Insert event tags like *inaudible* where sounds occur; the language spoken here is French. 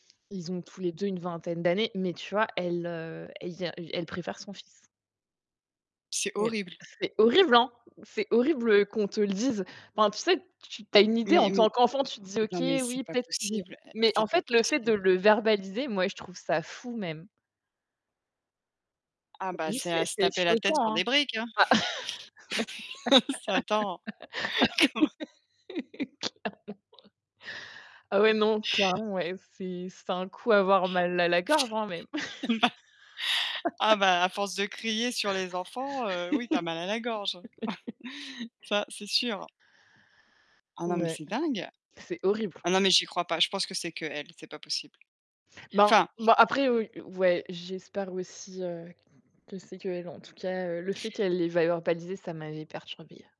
Ils ont tous les 2 une vingtaine d'années, mais tu vois, elle, heu, elle ien e elle préfère son fils. C'est Mais, horrible. c'est horrible, hein! C'est horrible qu'on te le dise. Enfin, tu sais, tu tu as une idée Mais en mais, tant qu'enfant, tu te dis: non, mais «OK, c'est oui, pas peut-être» *unintelligible* possible, eh, mais en c'est pas fait, le fait de possible. le verbaliser, moi, je trouve ça fou même. Ah, Tu as bah, vu, c'est à c'est se c'est taper la tête choquant, sur des hein. briques. *laughs* Ça, attends. Comment *laughs* Ah ouais, clairement. Ah ouais, non, clairement ouais, c'est c'est un coup avoir mal à la gorge, hein, même. Eh ben! Ah *laughs* bah, à force de crier sur les enfants, heu, oui, tu as mal à la gorge. *laughs* *chuckles* Ça, c'est sûr. Ah, non, mais Ouais, c'est dingue. c'est horrible. Ah, non, mais j'y crois pas. Je pense que c'est qu'elle, c'est pas possible. Ben, Enfin bon, après, ou ouais, j'espère aussi, heu, que c'est qu'elle, en tout cas, heu, le fait qu'elle l'ait verbalisé, ça m'avait perturbée.